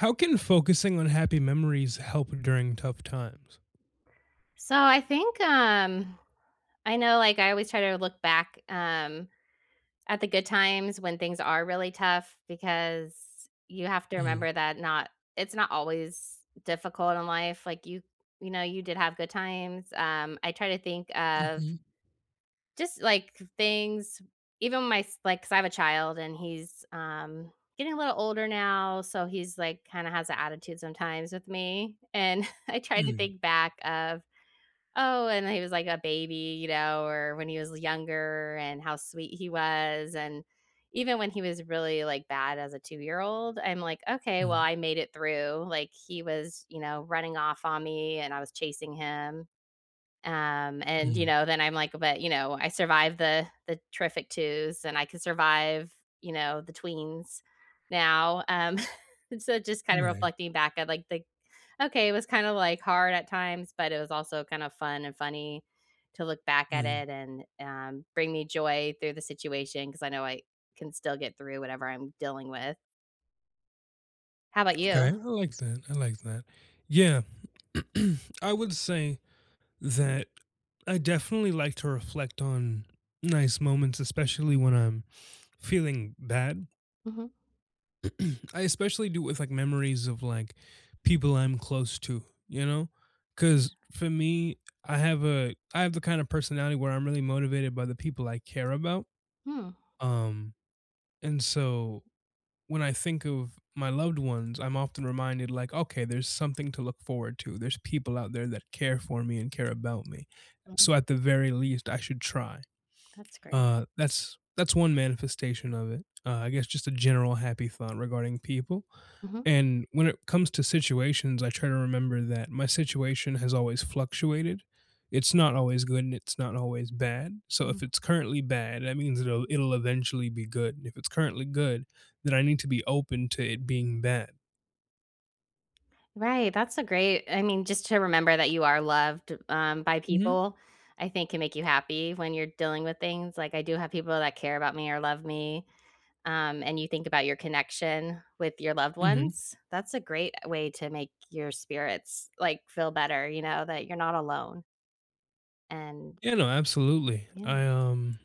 How can focusing on happy memories help during tough times? So, I think, um I know, like, I always try to look back, um, at the good times when things are really tough because you have to Mm. remember that not it's not always difficult in life. Like, you you know, you did have good times. Um, I try to think of Mhm. just, like, k things, even my s like, 'cause I have a child and he's, um, getting a little older now. So, he's, like, kinda has a attitude sometimes with me, and I tried to Mm. think back of, oh, and when he was, like, a baby, you know, or when he was younger and how sweet he was, and even when he was really, like, bad as a two-year-old, I'm like, "Okay, well, Mm. I made it through" Like, he was, you know, running off on me, and I was chasing him. Um, and you Mm. know, then I'm like but you know, I survived the the terrific twos, and I can survive, you know, the tweens now. Um, so just kinda Right. reflecting back at, like, the okay, it was kinda like, hard at times, but it was also kinda fun and funny to look back at Mm. it and, um, bring me joy through the situation, 'cause I know I can still get through whatever I'm dealing with. How 'bout Okay. you? I like that, I like that. Yeah. I would say that I definitely like to reflect on nice moments, especially when I'm feeling bad. Mhm. I especially do with, like, memories of, like, people I'm close to, you know? Yeah. 'Cause for me, I have a I have the kind of personality where I'm really motivated by the people I care about. Hmm. Um, and so when I think of my loved ones, I'm often reminded, like, okay, there's something to look forward to. There's people out there that care for me and care about me. Mm. So, at the very least, I should try. That's great. Uh, that's that's 1 manifestation of it. I guess just a general happy thought regarding people. Mhm. And when it comes to situations, I try to remember that my situation has always fluctuated. It's not always good, and it's not always bad. So, if Mhm. it's currently bad, that means it'll it'll eventually be good. If it's currently good, then I need to be open to it being bad. Right. That's a great I mean, just to remember that you are loved, um, by Mm. people, I think, can make you happy when you're dealing with things. Like, I do have people that care about me or love me, um, and you think about your connection with your loved Mhm. ones. That's a great way to make your spirits, like, feel better, you know, that you're not alone. And Yeah, no, absolutely. I Yeah. um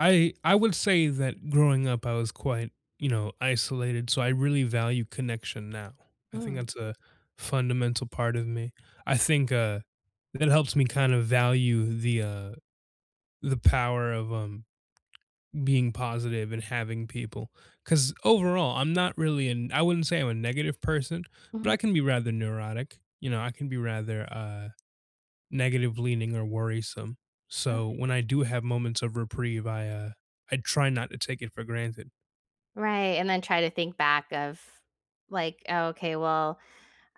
I I would say that growing up, I was quite, you know, isolated, so I really value connection now. I think Mm. that's a fundamental part of me. I think, uh, that helps me kind of value the, uh, the power of, um, being positive and having people, 'cause overall, I'm not really an I wouldn't say I'm a negative person, but Mhm. I can be rather neurotic. You know, I can be rather, uh, negative leaning or worrisome. So Okay. when I do have moments of reprieve, I, uh, I try not to take it for granted. Right, and then try to think back of, like, oh, okay, well,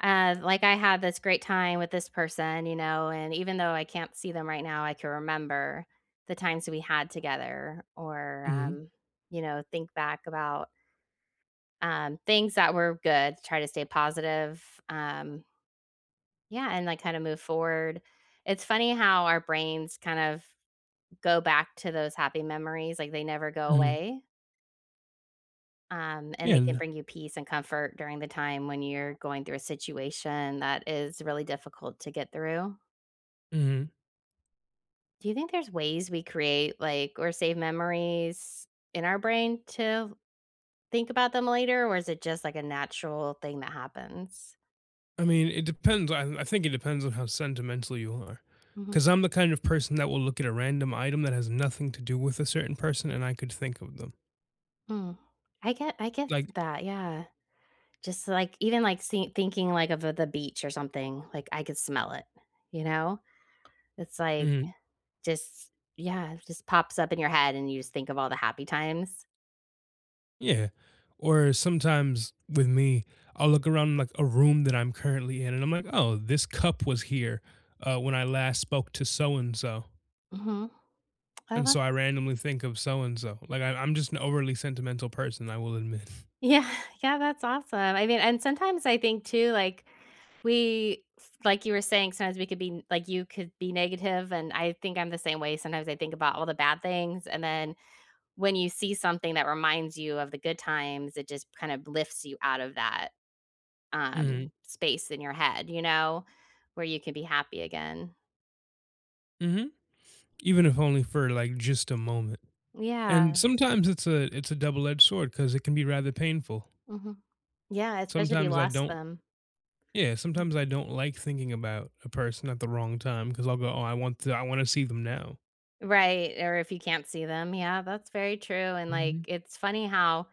uh, like, I had this great time with this person, you know, and even though I can't see them right now, I can remember the times that we had together or, Mhm. um, you know, think back about um, things that were good, try to stay positive, um Yeah, and, like, kinda move forward. It's funny how our brains kind of go back to those happy memories, like, they never go Mhm. away um, and Yeah, they can n bring you peace and comfort during the time when you're going through a situation that is really difficult to get through. Mhm. Do you think there's ways we create, like or save memories in our brain to think about them later, or is it just, like, a natural thing that happens? I mean, it depends. I I think it depends on how sentimental you are Mhm. 'cause I'm the kind of person that will look at a random item that has nothing to do with a certain person, and I could think of them. Mm. I get I get Like that. Yeah. Just, like even, like, see thinking, like, of the beach or something. Like, I could smell it, you know? It's, like, Mhm. just yeah, it just pops up in your head, and you just think of all the happy times. Yeah. Or sometimes, with me, I'll look around, like, a room that I'm currently in, and I'm like, "Oh, this cup was here, uh, when I last spoke to so-and-so" Mhm. Oh, and so I that's randomly think of so-and-so. Like, I I'm just an overly sentimental person, I will admit. Yeah. Yeah. That's awesome, I mean, and sometimes I think too, like, we like you were saying, sometimes we could be like you could be negative, and I think I'm the same way. Sometimes I think about all the bad things, and then when you see something that reminds you of the good times, it just kind of lifts you out of that, um, Mhm. space in your head, you know, where you can be happy again. Mhm. Even if only for, like, just a moment. And Yeah. sometimes it's a it's a double-edged sword, 'cause it can be rather painful. Mhm. Yeah, especially if you Sometimes I lost don't them. Yeah, Yeah. sometimes I don't like thinking about a person at the wrong time, 'cause I'll go, "Oh, I want to I wanna see them now." Right, or if you can't see them. Yeah, that's very true, and, like, Mhm. it's funny how,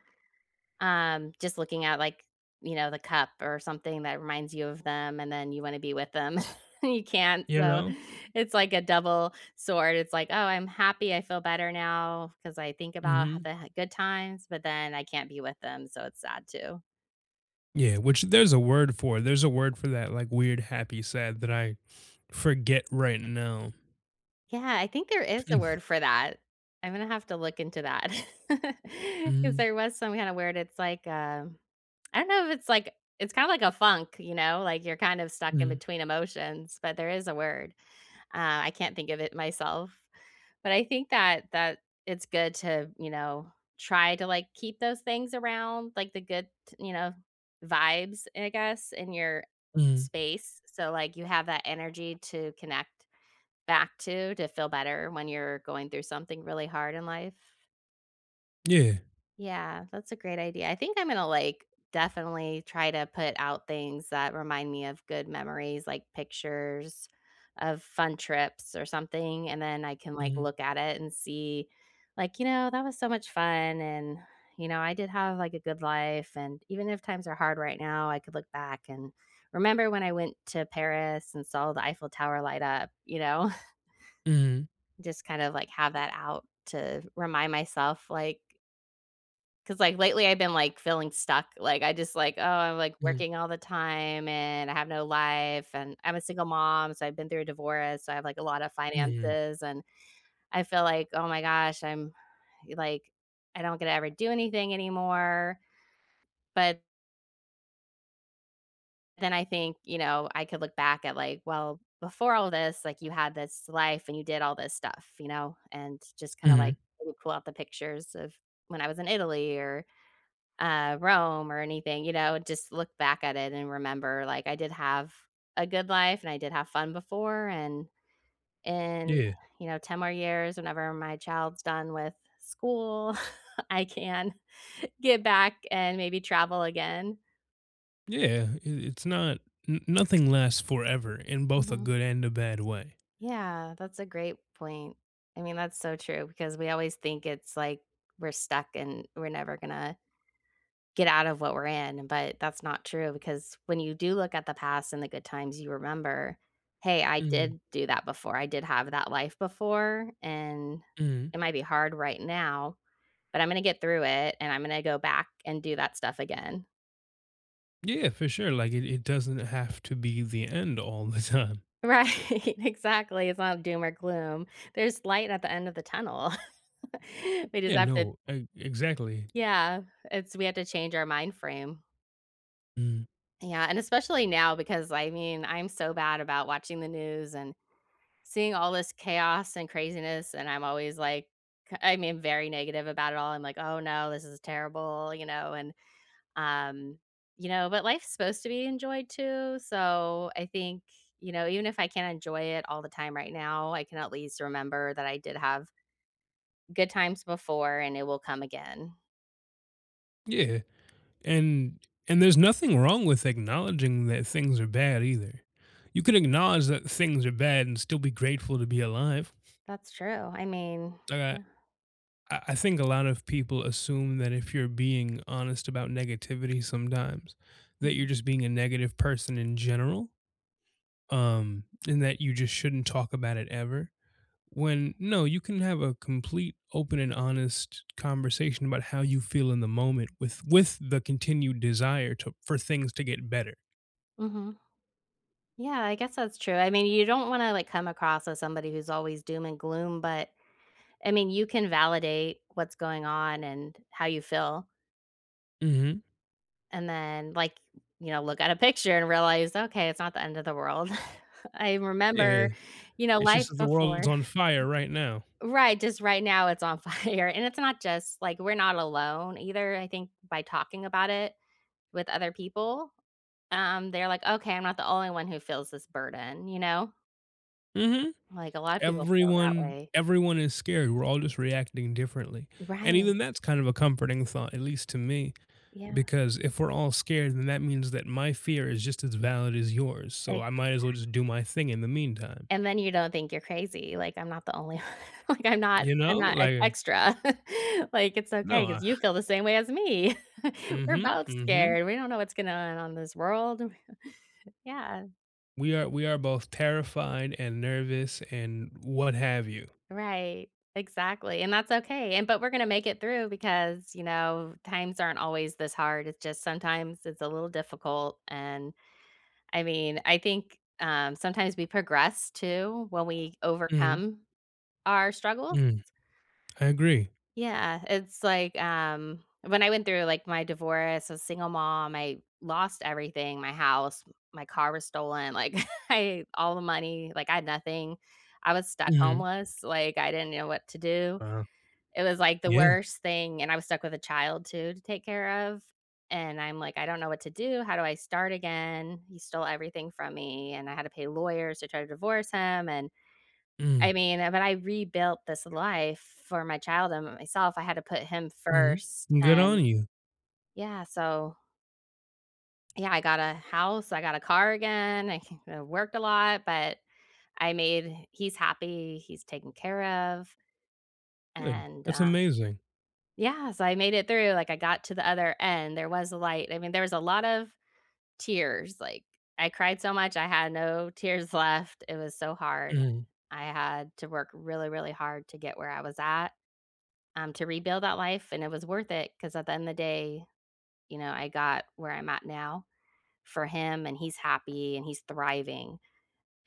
um, just looking at, like, you know, the cup or something that reminds you of them and then you wanna be with them, and you can't, You so, know? it's like a double sword. It's like, oh, I'm happy, I feel better now, 'cause I think about how Mhm. the ha good times, but then I can't be with them, so it's sad too. Yeah, which there's a word for there's a word for that, like, weird, happy, sad that I, forget right now. Yeah. I think there is a word for that. I'm gonna have to look into that, 'cause Mhm. there was some kinda word, it's like, uh I don't know if it's like it's kinda like a funk, you know? Like, you're kind of stuck in Mhm. between emotions, but there is a word. Uh, I can't think of it myself. But I think that that it's good to, you know, try to, like, keep those things around, like, good t you know, vibes, I guess, in your Mhm. space, so, like, you have that energy to connect back to to feel better when you're going through something really hard in life. Yeah. Yeah. That's a great idea. I think I'm gonna, like, definitely, try to put out things that remind me of good memories, like pictures of fun trips, or something, and then I can, like, Mhm. look at it and see, like, "You know, that was so much fun, and, you know, I did have, like, a good life, and even if times are hard right now, I could look back and remember when I went to Paris and saw the Eiffel Tower light up," you know Mhm. just kinda, like, have I that out to remind myself, like 'Cause, like, lately, I've been, like, feeling stuck. Like, I just, "Oh, I'm, like, Yeah working all the time, and I have no life, and I'm a single mom, so I've been through a divorce. So I have, like, a lotta Mm. finances," and I feel like, "Oh my gosh. I'm" like, "I don't get to ever do anything anymore," but then I think, you know, I could look back at, like, "Well, before all this, like, you had this life, and you did all this stuff," you know, and just kinda, Mhm. like, pull pull out the pictures of when I was in Italy or, uh, Rome or anything, you know? Just look back at it and remember, like, "I did have a good life, and I did have fun before. And and, Yeah. you know, 10 more years, whenever my child's done with school, I can get back, and maybe travel again. Yeah. I it's not n nothing lasts forever in both a Mhm. good and a bad way. Yeah, that's a great point. I mean, that's so true 'cause we always think it's like we're stuck and we're never gonna get out of what we're in, but that's not true, because when you do look at the past and the good times, you remember, "Hey, I Mm. did do that before. I did have that life before, and Mm. it might be hard right now, but I'm gonna get through it, and I'm gonna go back and do that stuff again." Yeah. For sure. Like, it it doesn't have to be the end all the time. Right, exactly. It's not doom or gloom. There's light at the end of the tunnel. We just Yeah, have to no, e exactly. Yeah, it's we have to change our mind frame. Mm. Yeah, and especially now because, I mean, I'm so bad about watching the news and seeing all this chaos and craziness, and I'm always like, I mean, very negative about it all. I'm like, "Oh, no. This is terrible," you know? And, um you know, but life's supposed to be enjoyed, too. So, I think, you know, even if I can't enjoy it all the time right now, I can at least remember that I did have good times before, and it will come again. Yeah, and and there's nothing wrong with acknowledging that things are bad, either. You can acknowledge that things are bad and still be grateful to be alive. That's true. I mean, I got yeah. I I think a lot of people assume that if you're being honest about negativity sometimes, that you're Mhm. just being a negative person in general, um, and that you just shouldn't talk about it ever, when, no, you can have a complete, open, and honest conversation about how you feel in the moment with with the continued desire to for things to get better. Mhm. Yeah. I guess that's true. I mean, you don't wanna, like, come across as somebody who's always doom and gloom, but, I mean, you can validate what's going on and how you feel. Mhm. And then, like, you know, look at a picture and realize, okay. It's not the end of the world. I Yeah. remember, you know, It's just life that the world's before. on fire right now. Right. Just right now, it's on fire, and it's not just like, we're not alone, either. I think, by talking about it with other people, um, they're like, "Okay. I'm not the only one who feels this burden," you know? Mhm. Like, a lot of people feel that Everyone way. everyone is scared, we're all just reacting differently, and Right. even that's kind of a comforting thought, at least to me, Yeah. because if we're all scared, then that means that my fear is just as valid as yours, so I Exact might as well just do my thing in the meantime. And then you don't think you're crazy, like, I'm not the only, o like, I'm not You I'm know? not ex Like extra, like, it's No, okay, I 'cause you feel the same way as me. We're Mhm, both mhm. scared. We don't know what's going on on this world. Yeah. We are we are both terrified and nervous and what have you. Right. Exactly, and that's okay, and but we're gonna make it through because, you know, times aren't always this hard, it's just sometimes it's a little difficult, and, I mean, I think, um, sometimes we progress too when we Mhm. overcome, our struggles. Mm. I agree. Yeah. It's like, um, when I went through, like, my divorce, as a single mom, I lost everything, my house, my car was stolen, like, I all the money, like, I had nothing, I was stuck Mhm. homeless, like, I didn't know what to do. Uh-huh. It was, like, the Yeah. worst thing, and I was stuck with a child too, to take care of, and I'm like, "I don't know what to do, how do I start again?" He stole everything from me, and I had to pay lawyers to try to divorce him, and, Mm. I mean, eh but I rebuilt this life, for my child and myself, I had to put him Mhm. first, Good and, on you. yeah so Yeah, I got a house, I got a car again, I ca worked a lot, but I made he's happy, he's taken care of Good. and, That's um amazing. Yeah, so I made it through, like, I got to the other end, there was a light, I mean, there was a lot of tears, like, I cried so much, I had no tears left, it was so hard. Mhm. I had to work really, really hard to get where I was at, um, to rebuild that life, and it was worth it, 'cause at the end of the day, you know, I got where I'm at now, for him, and he's happy, and he's thriving,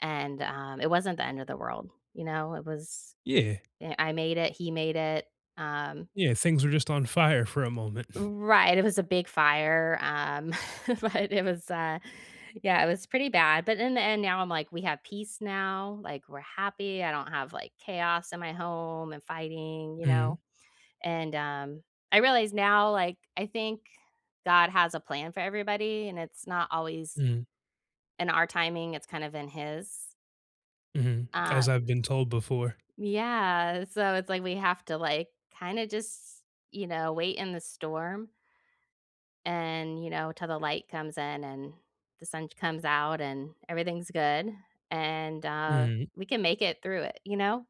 and, um, it wasn't the end of the world, you know? It was Yeah. eh I made it, he made it, um Yeah, things were just fire for a moment. Right, it was a big fire, um, but it was, uh, yeah, it was pretty bad, but in the end, now I'm like, "We have peace now," like, "We're happy, I don't have, like, chaos in my home and fighting," you Mhm. know? And, um, I realized now, like, I think, God has a plan for everybody, and it's not always, Mhm. in our timing, it's kind of in his. Mhm. As I've Um been told before. Yeah. So, it's like we have to, like, kinda just, you know, wait in the storm and, you know, till the light comes in and the sun comes out and everything's good, and uh, Mhm. we can make it through it, you know?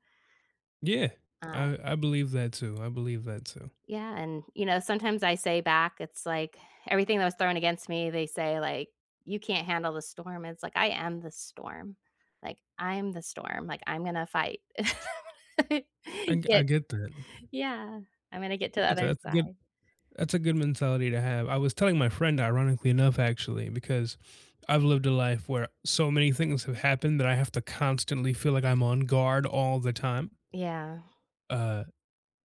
Yeah. I Um I believe that too. I believe that too. Yeah. And, you know, sometimes I say back, it's like everything that was thrown against me, they say, like, "You can't handle the storm." It's like, "I am the storm." Like, "I'm the storm." Like, "I'm gonna fight." I I Get get that. Yeah. I'm gonna get to the That's a other that's a good side. that's a good mentality to have. I was telling my friend, ironically enough, actually, because I've lived a life where so many things have happened that I have to constantly feel like I'm on guard all the time Yeah. uh,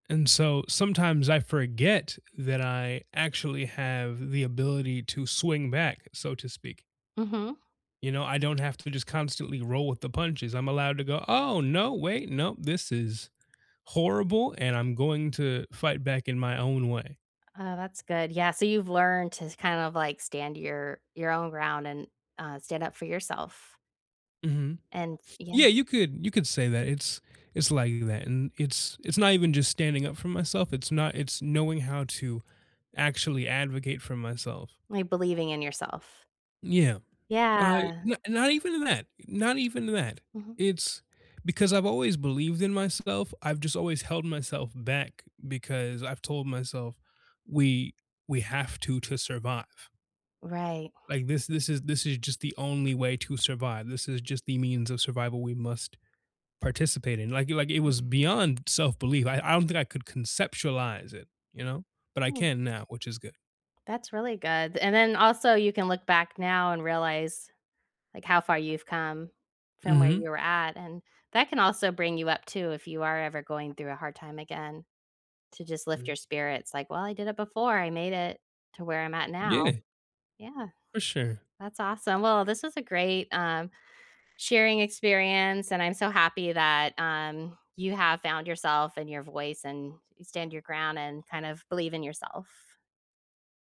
and so sometimes I forget that I actually have the ability to swing back, so to speak. Mhm. You know, I don't have to just constantly roll with the punches. I'm allowed to go, "Oh, no. Wait. Nope. This is horrible, and I'm going to fight back in my own way." Oh, that's good. Yeah. So you've learned to kind of, like, stand your your own ground and, uh, stand up for yourself. Mhm. And, s yeah. Yeah, you could you could say that. It's it's like that, and it's it's not even just standing up for myself. It's not it's knowing how to actually advocate for myself. Like, believing in yourself. Yeah. Uh, Yeah. n not even that. Not even that. Mhm. It's because I've always believed in myself. I've just always held myself back because I've told myself we we have to to survive. Right. Like, this this is this is just the only way to survive. This is just the means of survival we must participate in. Like, it like, it was Mhm. beyond self-belief. I I don't think I could conceptualize it, you know, but I Hmm. can now, which is good. That's really good. And then also you can look back now and realize, like, how far you've come from where Mhm. you were at. And that can also bring you up too if you are ever going through a hard time again to just lift Mhm. your spirits like, "Well, I did it before. I made it to where I'm at now." Yeah. Yeah. For sure. That's awesome. Well, this is a great, um, sharing experience, and I'm so happy that, um, you have found yourself and your voice and you stand your ground and kind of believe in yourself.